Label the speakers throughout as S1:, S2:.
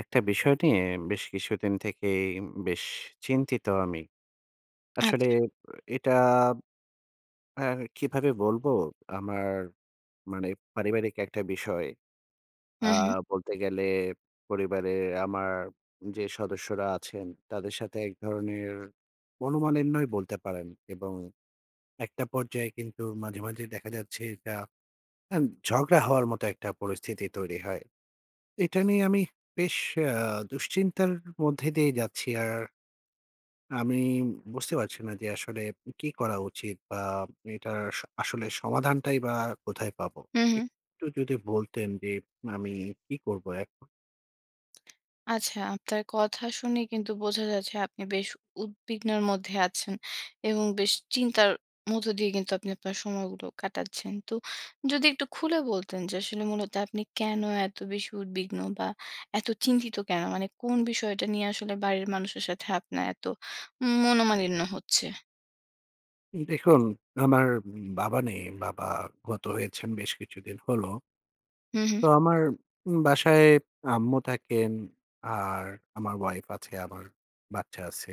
S1: একটা বিষয় নিয়ে বেশ কিছুদিন থেকেই উম বেশ চিন্তিত আমি। আসলে
S2: আচ্ছা।
S1: এটা হ্যাঁ, কিভাবে বলবো, আমার মানে পারিবারিক একটা বিষয়।
S2: হু,
S1: আ
S2: হু।
S1: বলতে গেলে পরিবারে আমার যে সদস্যরা আছেন তাদের সাথে এক ধরনের মনোমালিন্যই বলতে পারেন। এবং একটা পর্যায়ে কিন্তু মাঝে, মাঝে দেখা যাচ্ছে এটা আম ঝগড়া হওয়ার মতো একটা পরিস্থিতি তৈরি হয়। এটা নিয়ে আমি বেশ আ দুশ্চিন্তার মধ্যে দিয়ে যাচ্ছি। আর আমি বুঝতে পারছি না যে আসলে কি করা উচিত বা এটার স আসলে সমাধানটাই বা কোথায় পাবো?
S2: হু, হু।
S1: একটু যদি বলতেন যে আমি কি করব এখন?
S2: আচ্ছা, আপনার কথা শুনে কিন্তু বোঝা যাচ্ছে আপনি বেশ উদ্বিগ্নের মধ্যে আছেন এবং বেশ চিন্তার মধ্য দিয়ে কিন্তু আপনি আপনার সময়গুলো কাটাচ্ছেন। তো যদি একটু খুলে বলতেন যে আসলে মূলত আপনি কেন এত বেশি উদ্বিগ্ন, বা এত চিন্তিত কেন? মানে কোন বিষয়টা নিয়ে আসলে বাড়ির মানুষের সাথে আপনার এত উম মনোমালিন্য হচ্ছে?
S1: দেখুন, আমার উম বাবা নেই। বাবা গত হয়েছেন বেশ কিছুদিন হলো।
S2: হু, হু।
S1: তো আমার উম বাসায় আম্মু থাকেন আর আমার ওয়াইফ আছে, আমার বাচ্চা আছে।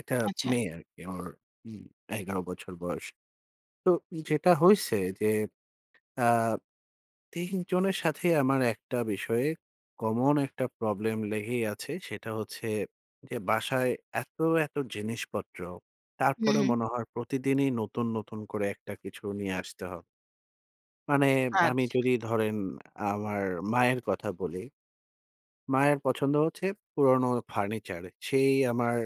S1: একটা
S2: আচ্ছা।
S1: মেয়ে আরকি ওর উম ১১ বছর বয়স। তো যেটা হইছে যে আ ৩ জনের সাথেই আমার একটা বিষয়ে কমন একটা প্রবলেম লেগেই আছে। সেটা হচ্ছে যে বাসায় এত, এত জিনিসপত্র, তারপরও
S2: উহু।
S1: মনে হয় প্রতিদিনই নতুন, নতুন করে একটা কিছু নিয়ে আসতে হ মানে আমি
S2: আচ্ছা।
S1: যদি ধরেন আমার মায়ের কথা বলি। মায়ের পছন্দ হচ্ছে পুরনো ফার্নিচার। সেই আমার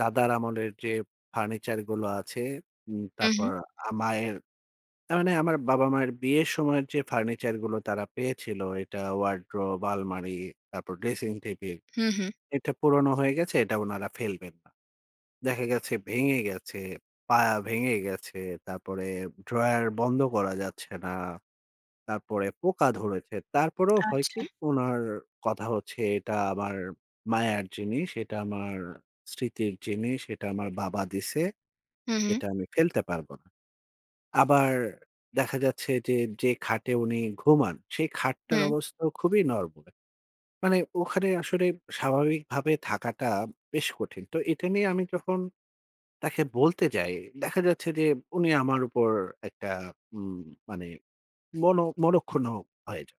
S1: দাদার আমলের যেপ ফার্নিচার গুলো আছে, উম
S2: উহু।
S1: তারপর আ মায়ের তা মানে আমার বাবা-মায়ের বিয়ের সময়ের যে ফার্নিচার গুলো তারা পেয়েছিল এটা ওয়ারড্রোব, আলমারি, তারপর ড্রেসিং টেবিল
S2: হুম, হুম।
S1: এটা পুরনো হয়ে গেছে এটা উনারা ফেলবেন না। দেখা গেছে ভেঙে গেছে, পায়া ভেঙে গেছে, তারপরে ড্রয়ার বন্ধ করা যাচ্ছে না। তারপরে পোকা ধরেছে। তারপরেও হয় কি,
S2: আচ্ছা।
S1: উনার কথা হচ্ছে, "এটা আমার মায়ার জিনিস, এটা আমার স্মৃতির জিনিস, এটা আমার বাবা দিছে।
S2: হুম, হুম।
S1: এটা আমি ফেলতে পারব না।" আবার দেখা যাচ্ছে যে, যে খাটে উনি ঘুমান সেই খাটটার
S2: হু।
S1: অবস্থাও খুবই নরবরে। মানে ওখানে আসলে স্বাভাবিকভাবে থাকাটা বেশ কঠিন। তো এটা নিয়ে আমি যখন তাকে বলতে যাই দেখা যাচ্ছে যে উনি আমার উপর একটা উম মানে মন মনক্ষুণ হয়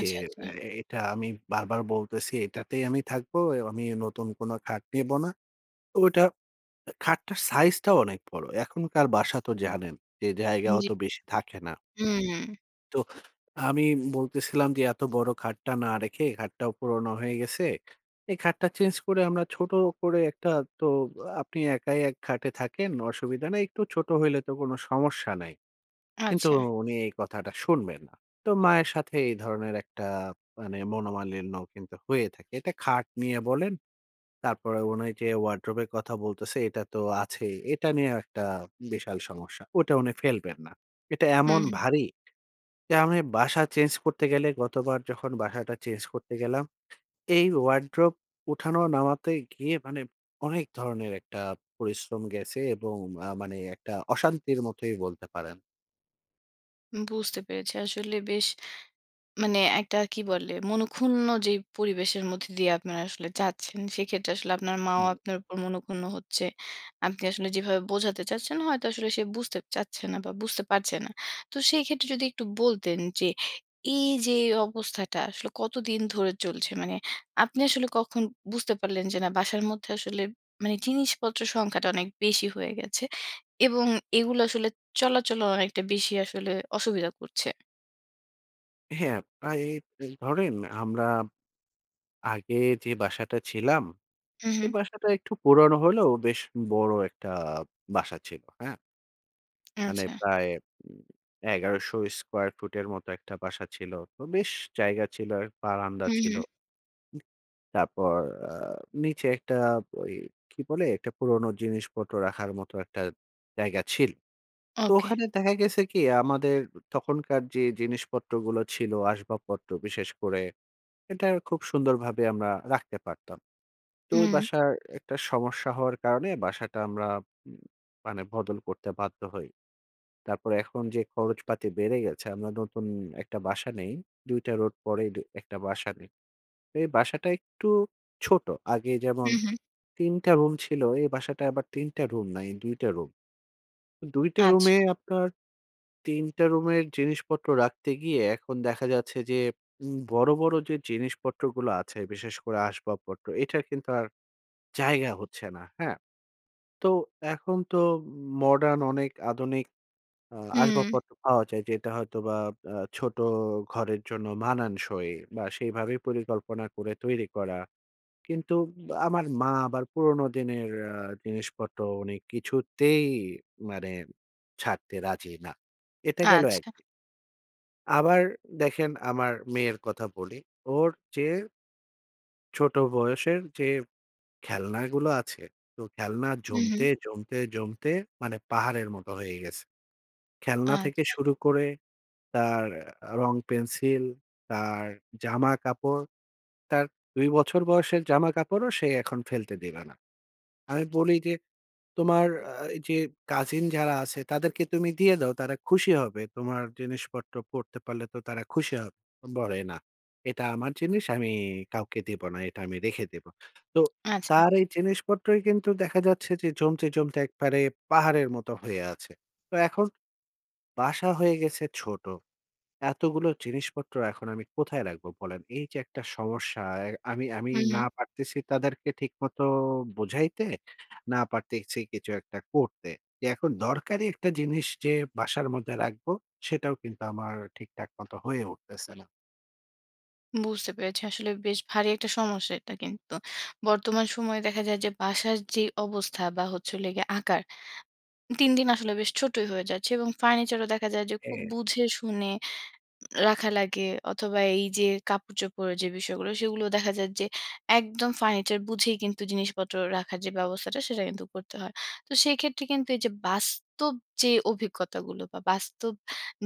S1: যে,
S2: আচ্ছা।
S1: "এ এটা আমি বারবার বলতেছি এটাতেই আমি থাকব, এও আমি নতুন কোন খাট নিব না।" তো ওইটা খাটটার সাইজটাও অনেক বড়। এখনকার বাসা তো জানেন যে জায়গা
S2: জি।
S1: অত বেশি থাকে না।
S2: উম
S1: তোহ আমি বলতেছিলাম যে এত বড় খাটটা না রেখে খাটটাও পুরোনো হয়ে গেছে। এই খাটটা চেঞ্জ করে আমরা ছোট করে একটা তো আ আপনি একাই এক খাটে থাকেন। অসুবিধা নেই। একটু ছোট হইলে তো কোন সমস্যা নাই। কিন্তু
S2: আচ্ছা।
S1: উনি এই কথাটা শুনবেন না। তো মায়ের সাথে এই ধরনের একটা মানে মনোমালিন্য কিন্তু হয়ে থাকে। এটা খাট নিয়ে বলেন, তারপরে উনি যে ওয়ারড্রোব এর কথা বলতেছে এটা তো আছেই। এটা নিয়েও একটা বিশাল সমস্যা, ওইটা উনি ফেলবেন না। এটা
S2: হু,
S1: এমন
S2: হু।
S1: ভারী যে আমি বাসা চেঞ্জ করতে গেলে গতবার যখন বাসাটা চেঞ্জ করতে গেলাম, এই ওয়ারড্রোব উঠানো নামাতে গিয়ে মানে অনেক ধরনের একটা পরিশ্রম গেছে এবং আ মানে একটা অশান্তির মতোই বলতে পারেন।
S2: বুঝতে পেরেছি। আসলে বেশ। মানে একটা কি বলে? মনক্ষুন্ন যেই পরিবেশের মধ্যে দিয়ে আপনারা আসলে যাচ্ছেন সেক্ষেত্রে আসলে আপনার মা ও
S1: হুম।
S2: আপনার উপর মনক্ষুন্ন হচ্ছে। আপনি আসলে যেভাবে বোঝাতে চাচ্ছেন হয়তো আসলে সে বুঝতে চাচ্ছে না বা বুঝতে পারছে না। তো সেই ক্ষেত্রে যদি একটু বলতেন যে এই যে অবস্থাটা আসলে কতদিন ধরে চলছে? মানে আপনি আসলে কখন বুঝতে পারলেন যে, না বাসার মধ্যে আসলে মানে জিনিসপত্রের সংখ্যাটা অনেক বেশি হয়ে গেছে এবং এগুলো আসলে চলাচলও অনেকটা বেশি আসলে অসুবিধা করছে?
S1: হ্যাঁ, প্রায়ে বে ধরেন আমরা আগে যে বাসাটা ছিলাম,
S2: হুম,
S1: সে
S2: হুম।
S1: বাসাটা একটু পুরনো হলেও বেশ বড় একটা বাসা ছিল, হ্যাঁ? মানে
S2: আচ্ছা।
S1: প্রায় ম ১,১০০ স্কোয়ার ফুটের মতো একটা বাসা ছিল। তো বেশ জায়গা ছিল, বারান্দা
S2: হুম,
S1: ছিল,
S2: হুম।
S1: তারপর আ নিচে একটা ওই কি বলে? একটা পুরনো জিনিসপত্র রাখার মতো একটা জায়গা ছিল। তো
S2: ওকে।
S1: ওখানে দেখা গেছে কি আমাদের তখনকার যে জিনিসপত্রগুলো ছিল আসবাবপত্র। বিশেষ করে এটার খুব সুন্দরভাবে আমরা রাখতে পারতাম। তো ওই
S2: হুম।
S1: বাসায় একটা সমস্যা হওয়ার কারণে বাসাটা আমরা উম মানে বদল করতে বাধ্য হই। তারপরে এখন যে খরচপাতি বেড়ে গেছে আমরা নতুন একটা বাসা নেই, দুইটা রোড পরেই দ একটা বাসা নেই। এ বাসাটা একটু ছোট। আগে যেমন
S2: হুম, হুম।
S1: ৩ টা রুম ছিল এ বাসাটা আবার ৩ টা রুম নাই ২ টা রুম। ২ টা
S2: আচ্ছা।
S1: রুমে আপনার ৩ টা রুমে এক জিনিসপত্র রাখতে গিয়ে এখন দেখা যাচ্ছে যে উম বড়, বড়, যে জিনিসপত্রগুলো আছে বিশেষ করে আসবাবপত্র। এটার কিন্তু আর জায়গা হচ্ছে না, হ্যাঁ? তো এখন তো মডার্ন অনেক আধুনিক আ
S2: হুম।
S1: আসবাবপত্র পাওয়া যায় যেটা হয়তোবা আ ছোট ঘরের জন্য মানানসই বা সেইভাবে পরিকল্পনা করে তৈরি করা। কিন্তু আ আমার মা আবার পুরনো দিনের আ জিনিসপত্র উনি কিছুতেই মানে ছাড়তে রাজি না। এটা গেল ১
S2: আচ্ছা।
S1: দিক। আবার দেখেন আমার মেয়ের কথা বলি ওর চেয়ে ছোট বয়সের যে খেলনাগুলো আছে। তো খেলনা
S2: হুম, হুম।
S1: জমতে, জমতে, জমতে, মানে পাহাড়ের মতো হয়ে গেছে। খেলনা থেকে
S2: আচ্ছা।
S1: শুরু করে তার আ রং পেন্সিল, তার জামা কাপড়, তার ২ বছর বয়সের জামা কাপড়ও সে এখন ফেলতে দিবে না। আমি বলি যে তোমার আ যে কাজিন যারা আছে তাদেরকে তুমি দিয়ে দাও, তারা খুশি হবে। তোমার জিনিসপত্র পরতে পারলে তো তারা খুশি হব বলে না। এটা আমার জিনিস আমি কাউকে দিব না, এটা আমি রেখে দিবো। তো
S2: আচ্ছা।
S1: তার এই জিনিসপত্রই কিন্তু দেখা যাচ্ছে যে, জমতে, জমতে, একবারে পাহাড়ের মতো হয়ে আছে। তো এখন বাসা হয়ে গেছে ছোট, এতগুলো জিনিসপত্র এখন আমি কোথায় রাখবো বলেন? এই যে একটা সমস্যা এ আমি, আমি,
S2: হুম, হুম।
S1: না পারতেছি তাদেরকে ঠিকমতো বুঝাইতে না পারতেছি কিছু একটা করতে। এখন দরকারি একটা জিনিস যে বাসার মধ্যে রাখবো সেটাও কিন্তু আমার ঠিকঠাক মতো হয়ে উঠতেছে না।
S2: বুঝতে পেরেছি। আসলে বেশ ভারী একটা সমস্যা এটা কিন্তু। বর্তমান সময়ে দেখা যায় যে বাসার যেই অবস্থা বা হচ্ছে হলো গিয়ে আকার, দিন, দিন আসলে বেশ ছোটোই হয়ে যাচ্ছে এবং ফার্নিচারও দেখা যায় যে খুব
S1: হ্যা।
S2: বুঝে শুনে রাখা লাগে অথবা এই যে কাপড়-চোপড় যে বিষয়গুলো, সেগুলো দেখা যায় যে একদম ফার্নিচার বুঝেই কিন্তু জিনিসপত্র রাখার যে ব্যবস্থাটা সেটা কিন্তু করতে হয়। তো সেক্ষেত্রে কিন্তু এই যে বাস্তব যে অভিজ্ঞতাগুলো বা বাস্তব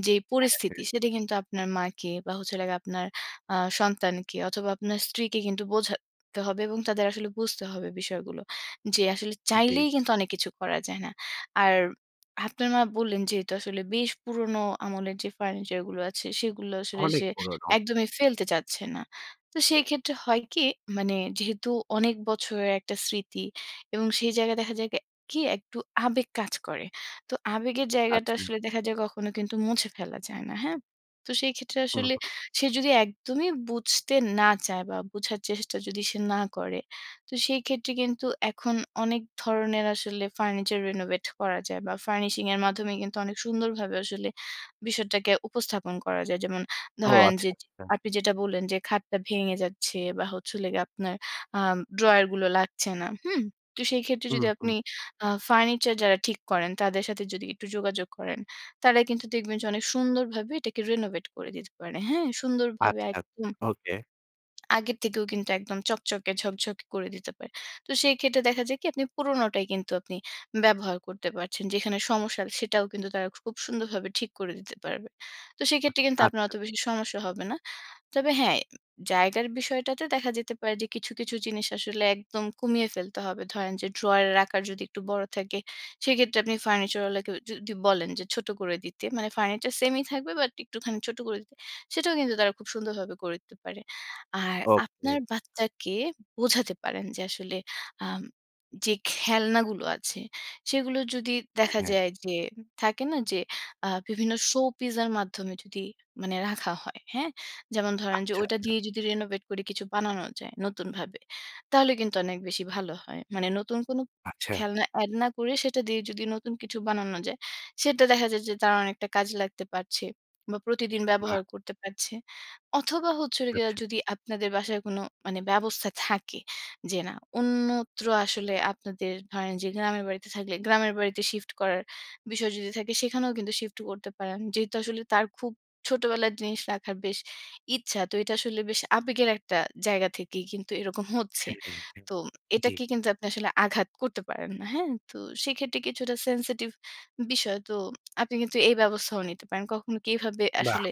S2: যেই
S1: হ্যাঁ,
S2: পরিস্থিতি
S1: হ্যাঁ।
S2: সেটা কিন্তু আপনার মাকে বা হচ্ছে হলো গিয়ে আপনার আ সন্তানকে অথবা আপনার স্ত্রীকে কিন্তু বোঝাতে হবে এবং তাদের আসলে বুঝতে হবে বিষয়গুলো। যে আসলে
S1: জি।
S2: চাইলেই কিন্তু অনেক কিছু করা যায় না। আর আপনার মা বললেন যেহেতু আসলে বেশ পুরনো আমলের যে ফার্নিচার গুলো আছে সেগুলো আসলে
S1: অনেক
S2: সে
S1: পুরনো।
S2: একদমই ফেলতে চাচ্ছে না। তো সেই ক্ষেত্রে হয় কি মানে যেহেতু অনেক বছরের একটা স্মৃতি এবং সেই জায়গায় দেখা যায় কি, কি একটু আবেগ কাজ করে। তো আবেগের জায়গাটা
S1: আচ্ছা।
S2: আসলে দেখা যায় কখনো কিন্তু মুছে ফেলা যায় না। হ্যাঁ? তো সেই ক্ষেত্রে
S1: হুম,
S2: আসলে
S1: হুম।
S2: সে যদি একদমই বুঝতে না চায় বা বুঝার চেষ্টা যদি সে না করে। তো সেই ক্ষেত্রে কিন্তু এখন অনেক ধরনের আসলে ফার্নিচার renovate করা যায় বা ফার্নিশিং এর মাধ্যমে কিন্তু অনেক সুন্দরভাবে আসলে বিষয়টাকে উপস্থাপন করা যায়। যেমন
S1: ও
S2: ধরেন,
S1: আচ্ছা,
S2: যে যে
S1: আচ্ছা।
S2: আপনি যেটা বললেন যে খাটটা ভেঙে যাচ্ছে বা হচ্ছিলো গিয়ে আপনার আম ড্রয়ার গুলো লাগছে না, হুম? তো সেই ক্ষেত্রে
S1: হুম,
S2: যদি
S1: হুম।
S2: আপনি আ ফার্নিচার যারা ঠিক করেন তাদের সাথে যদি একটু যোগাযোগ করেন, তারা কিন্তু দেখবেন যে অনেক সুন্দরভাবে এটাকে রেনোভেট করে দিতে পারে। হ্যাঁ, সুন্দরভাবে
S1: আচ্ছা, আচ্ছা।
S2: একদম
S1: ওকে।
S2: আগের থেকেও কিন্তু একদম চকচকে, ঝকঝকে করে দিতে পারে। তো সেই ক্ষেত্রে দেখা যায় কি আপনি পুরনোটাই কিন্তু আপনি ব্যবহার করতে পারছেন। যেখানে সমস্যা সেটাও কিন্তু তারা খুব সুন্দরভাবে ঠিক করে দিতে পারবে। তো সেক্ষেত্রে কিন্তু
S1: আচ্ছা,
S2: আপনার অত
S1: আচ্ছা।
S2: বেশি সমস্যা হবে না। তবে হ্যাঁ, উম জায়গার বিষয়টাতে দেখা যেতে পারে যে কিছু, কিছু জিনিস আসলে একদম কমিয়ে ফেলতে হবে। ধরেন যে ড্রয়ারের আকার যদি একটু বড় থাকে, সেক্ষেত্রে আপনি ফার্নিচার ওয়ালাকে যু যদি বলেন যে ছোট করে দিতে। মানে ফার্নিচার সেইমই থাকবে বাট একটুখানি ছোট করে দিতে। সেটাও কিন্তু তারা খুব সুন্দরভাবে করে দিতে পারে। আর
S1: ওকে।
S2: আপনার বাচ্চাকে বোঝাতে পারেন যে আসলে আম যে খেলনাগুলো আছে সেগুলো যদি
S1: অ্যা
S2: দেখা
S1: হ্যাঁ।
S2: যায় যে ম থাকে না যে আ বিভিন্ন শো-পিসের মাধ্যমে যদি মানে রাখা হয়। হ্যাঁ? যেমন ধরেন যে
S1: আচ্ছা,
S2: ঐটা
S1: আচ্ছা।
S2: দিয়েই যদি renovate করে কিছু বানানো যায় নতুনভাবে। তাহলে কিন্তু অনেক বেশি ভালো হয়। মানে নতুন কোন
S1: আচ্ছা।
S2: খেলনা এড না করে সেটা দিয়ে যদি নতুন কিছু বানানো যায়, সেটা দেখা যায় যে তার অনেকটা কাজে লাগতে পারছে। বা প্রতিদিন ব্যবহার
S1: বাহ!
S2: করতে পারছে। অথবা হচ্ছে হলো গিয়া
S1: আচ্ছা।
S2: যদি আপনাদের বাসায় কোনো মানে ব্যবস্থা থাকে যে না, অন্যত্র আসলে আপনাদের ধরেন যে গ্রামের বাড়িতে থাকলে, গ্রামের বাড়িতে শিফট করার বিষয় যদি থাকে সেখানেও কিন্তু শিফট করতে পারেন। যেহেতু আসলে তার খুব ছোটবেলার জিনিস রাখার বেশ ইচ্ছা তো এটা আসলে বেশ আবেগের একটা জায়গা থেকেই কিন্তু এরকম হচ্ছে।
S1: হ্যাঁ, হ্যাঁ, হ্যাঁ,
S2: তো
S1: জি।
S2: এটাকে কিন্তু আপনি আসলে আঘাত করতে পারেন না। হ্যাঁ? তো সেক্ষেত্রে কিছুটা সেনসিটিভ বিষয়। তো আপনি কিন্তু এই ব্যবস্থাও নিতে পারেন। কখনো কি এভাবে
S1: বাহ!
S2: আসলে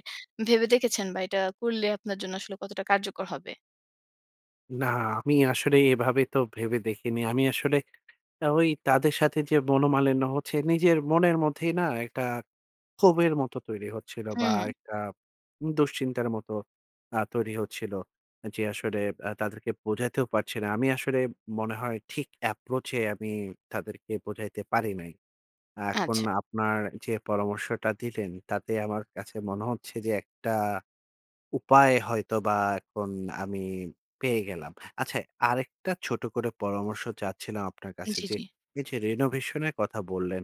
S2: ভেবে দেখেছেন বা এটা করলে আপনার জন্য আসলে কতটা কার্যকর হবে?
S1: না। আমি আসলে এভাবে তো ভেবে দেখিনি। আমি আসলে ওই তাদের সাথে যে মনোমালিন্য হচ্ছে নিজের মনের মধ্যেই না একটা ক্ষোভের মতো তৈরি হচ্ছিল।
S2: হু,
S1: বা
S2: হু।
S1: একটা উম দুশ্চিন্তার মতো আ তৈরি হচ্ছিল। এ যে আসলে আ তাদেরকে বোঝাতেও পারছি না। আমি আসলে মনে হয় ঠিক এপ্রোচ এ আমি তাদেরকে বোঝাইতে পারি নাই। এখন
S2: আচ্ছা।
S1: আপনার যে পরামর্শটা দিলেন তাতে আমার কাছে মনে হচ্ছে যে একটা উপায় হয়তো বা এখন আমি পেয়ে গেলাম। আচ্ছা আরেকটা ছোট করে পরামর্শ চাচ্ছিলাম আপনার কাছে
S2: জ্বি,
S1: যে,
S2: জ্বি।
S1: এই যে রিনোভেশন এর কথা বললেন,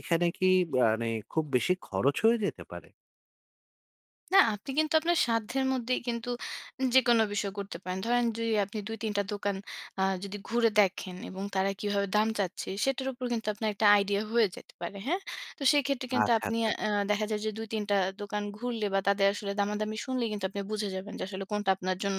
S1: এখানে কি মানে গানে খুব বেশি খরচ হয়ে যেতে পারে?
S2: না। আপনি কিন্তু আপনার সাধ্যের মধ্যেই কিন্তু যেকোন বিষয় করতে পারেন। ধরেন যদি আপনি ২ ৩ টা দোকান আ যদি ঘুরে দেখেন এবং তারা কিভাবে দাম চাচ্ছে সেটার উপর কিন্তু আপনার একটা আইডিয়া হয়ে যেতে পারে। হ্যাঁ? তো সেক্ষেত্রে
S1: আ
S2: কিন্তু
S1: ছা
S2: আপনি
S1: ছা
S2: আ অ্যা দেখা যায় যে ২ ৩ টা দোকান ঘুরলে। বা তাদের আসলে দামাদামি শুনলেই কিন্তু আপনি বুঝে যাবেন যে, আসলে কোনটা আপনার জন্য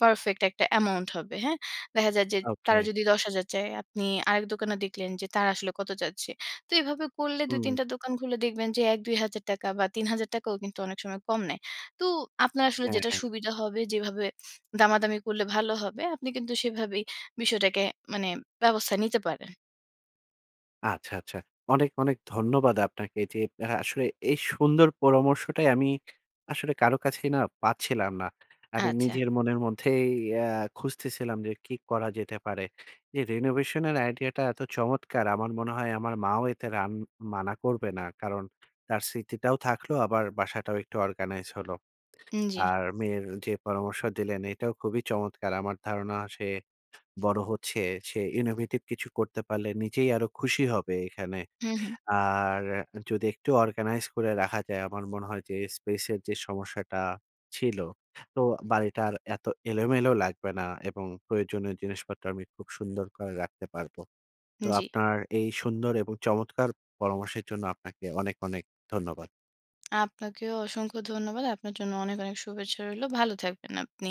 S2: পারফেক্ট একটা অ্যামাউন্ট হবে। হ্যাঁ? দেখা যায় যে
S1: ওকে।
S2: তারা যদি ১০,০০০ চায়, আপনি আরেক দোকানে দেখলেন যে তারা আসলে কত চাচ্ছে। তো এভাবে করলে
S1: হুম।
S2: ২-৩ টা দোকান ঘুরলে দেখবেন যে ৳১,০০০-২,০০০ টাকা বা ৳৩,০০০ টাকাও কিন্তু অনেক সময় কম নেয়। তো আপনার আসলে
S1: হ্যাঁ,
S2: যেটা
S1: হ্যাঁ।
S2: সুবিধা হবে, যেভাবে দামাদামি করলে ভালো হবে আপনি কিন্তু সেভাবেই বিষয়টাকে মানে ব্যবস্থা নিতে পারেন।
S1: আচ্ছা, আচ্ছা। অনেক, অনেক ধন্যবাদ আপনাকে যে অ্যা আসলে এই সুন্দর পরামর্শটাই আমি আসলে কারো কাছেই না পাচ্ছিলাম না। আমি
S2: আচ্ছা।
S1: নিজের মনের মধ্যেই অ্যা খুঁজতেছিলাম যে কি করা যেতে পারে। যে রিনোভেশন এর আইডিয়াটা এত চমৎকার। আমার মনে হয় আমার মাও এতে রান মানা করবে না। কারণ তার স্মৃতিটাও থাকলো আবার বাসাটাও একটু অর্গানাইজ হলো।
S2: উন জ্বী।
S1: আর মেয়ের যে পরামর্শ দিলেন এটাও খুবই চমৎকার। আমার ধারণা সে বড় হচ্ছে। সে innovative কিছু করতে পারলে নিজেই আরো খুশি হবে এখানে।
S2: হু, হু।
S1: আর যদি একটু অর্গানাইজ করে রাখা যায়, আমার মনে হয় যে স্পেস এর যে সমস্যাটা ছিল। তো বাড়িটা আর এত এলোমেলো লাগবে না এবং প্রয়োজনীয় জিনিসপত্র আমি খুব সুন্দর করে রাখতে পারবো। তো
S2: জ্বী।
S1: আপনার এই সুন্দর এবং চমৎকার পরামর্শের জন্য আপনাকে অনেক, অনেক ধন্যবাদ।
S2: আপনাকেও অসংখ্য ধন্যবাদ। আপনার জন্য অনেক, অনেক শুভেচ্ছা রইল। ভালো থাকবেন আপনি।